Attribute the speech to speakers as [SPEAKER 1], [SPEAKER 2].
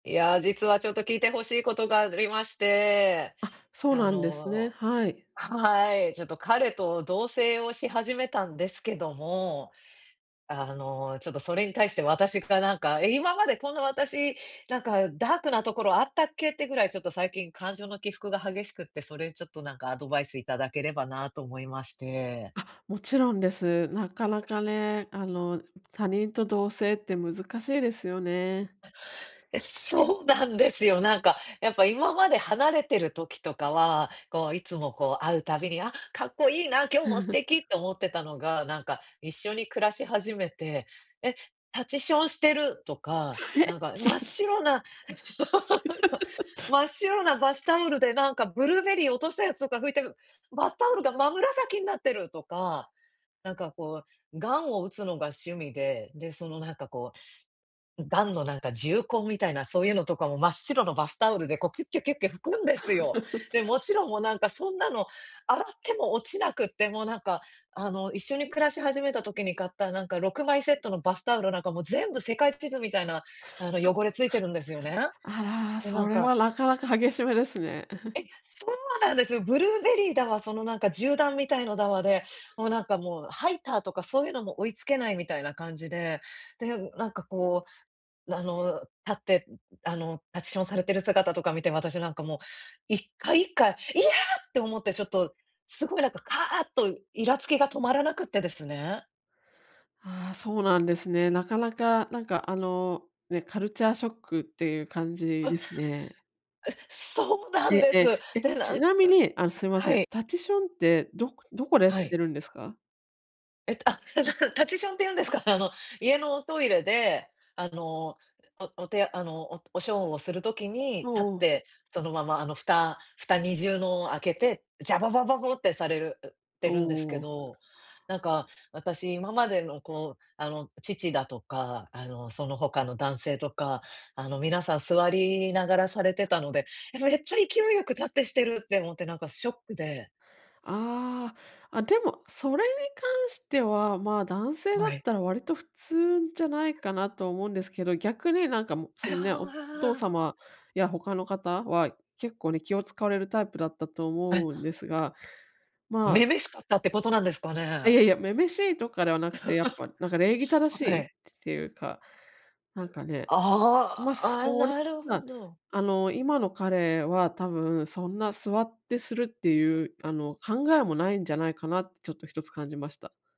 [SPEAKER 1] いや、実はちょっと聞いて欲しいことがありまして。
[SPEAKER 2] あ、そう
[SPEAKER 1] あ
[SPEAKER 2] なんですね。
[SPEAKER 1] の、
[SPEAKER 2] はい。
[SPEAKER 1] はい、ちょっと彼と同棲をし始めたんですけども。あの、ちょっとそれに対して私がなんか、「今までこんな私、なんかダークなところあったっけ」ってぐらい、ちょっと最近感情の起伏が激しくって、それちょっとなんかアドバイスいただければなと思いまして。
[SPEAKER 2] あ、もちろんです。なかなかね、あの、ん、他人と同棲って難しいですよね。
[SPEAKER 1] え。え、そうなんですよ、なんか、やっぱ今まで離れてる時とかは、こういつもこう会うたびに、「あ、かっこいいな、今日も素敵」っ て思ってたのが、なんか、一緒に暮らし始めて、「え、立ちションしてる」とか、
[SPEAKER 2] ふ
[SPEAKER 1] 「な
[SPEAKER 2] へ。
[SPEAKER 1] んか真っ 白な 真っ 白なバスタオルでなんかブルーベリーを落としたやつとか拭いてぶバスタオルが真紫になってる」とか、なんかこう、ガンを打つのが趣味で、で、その何かこう、ん、ガンのなんか銃痕みたいな、そういうのとかも真っ白のバスタオルでこうキュッキュキュッキュ拭くんですよ。で、も ちろんもうなんかそんなの洗っても落ちなくって、もうなんか、あの一緒に暮らし始めた時に買ったなんか6枚セットのバスタオルなんかもう全部世界地図みたいなあの、汚れついてるんですよね。
[SPEAKER 2] あら、
[SPEAKER 1] で、な
[SPEAKER 2] そ
[SPEAKER 1] ん
[SPEAKER 2] れ
[SPEAKER 1] か
[SPEAKER 2] はなかなか激しめですね。
[SPEAKER 1] え、そうなんですよ、ブルーベリーだわ、そのなんか銃弾みたいのだわで、もうなんかもうハイターとかそういうのも追いつけないみたいな感じで、で、ん、なんかこう、な、あの立って、んん、あの立ちションされてる姿とか見て私なんかもう、一回一回、「いや！」って思ってちょっとすごいなんかカーとイラつきが止まらなくってですね
[SPEAKER 2] ああ、そうなんですね。なかなかなんかあの、ね、カルチャーショックっていう感じ
[SPEAKER 1] あ。
[SPEAKER 2] ですね。
[SPEAKER 1] え、そうなん
[SPEAKER 2] え
[SPEAKER 1] です。
[SPEAKER 2] え、え、
[SPEAKER 1] で、なんあ
[SPEAKER 2] ち
[SPEAKER 1] ん
[SPEAKER 2] なみに、あの、すいませ
[SPEAKER 1] は
[SPEAKER 2] ん、
[SPEAKER 1] い。
[SPEAKER 2] タチションって、どこどこで
[SPEAKER 1] は
[SPEAKER 2] し
[SPEAKER 1] い。
[SPEAKER 2] てるんですか？
[SPEAKER 1] えっと、あ、立ちション立ちションっていうんですかね、あの家のおトイレであの、うえ、おおてあの、おとおしょんをする時に
[SPEAKER 2] お
[SPEAKER 1] 立っ
[SPEAKER 2] お。
[SPEAKER 1] てそのままあの、蓋蓋二重のを開けて、ジャバババボってされる、うて
[SPEAKER 2] お
[SPEAKER 1] るんですけ
[SPEAKER 2] お。
[SPEAKER 1] ど、なんか私今までのこうあの父だとかあのその他の男性とかあのみなさん座りながらされてたので、やば、れっちゃ勢いよく立ってしてるって思ってなんかショックで
[SPEAKER 2] ああ、あ、でも、それに関してはまあ、男性だっ
[SPEAKER 1] はい。
[SPEAKER 2] たら割と普通じゃないかなと思うんですけど、逆になんかもう そのね、おお父
[SPEAKER 1] ああ。
[SPEAKER 2] 様や他の方は、結構ね、気を使われるタイプだったと思
[SPEAKER 1] え。
[SPEAKER 2] うんですが、まあ
[SPEAKER 1] 女々しかったってことなんですかね。
[SPEAKER 2] いやいや、女々しいとかではなくて、やっぱなんか礼儀 正し
[SPEAKER 1] は
[SPEAKER 2] い
[SPEAKER 1] い。
[SPEAKER 2] つていうか、なんかね。
[SPEAKER 1] あ
[SPEAKER 2] ま、
[SPEAKER 1] あ
[SPEAKER 2] そ
[SPEAKER 1] ああ、
[SPEAKER 2] れ
[SPEAKER 1] なる
[SPEAKER 2] う
[SPEAKER 1] ほ
[SPEAKER 2] な
[SPEAKER 1] ど。
[SPEAKER 2] あの、今の彼は多分そんな座ってするって いうあの、考えも無いんじゃないかなって、ちょっと1つ感じました。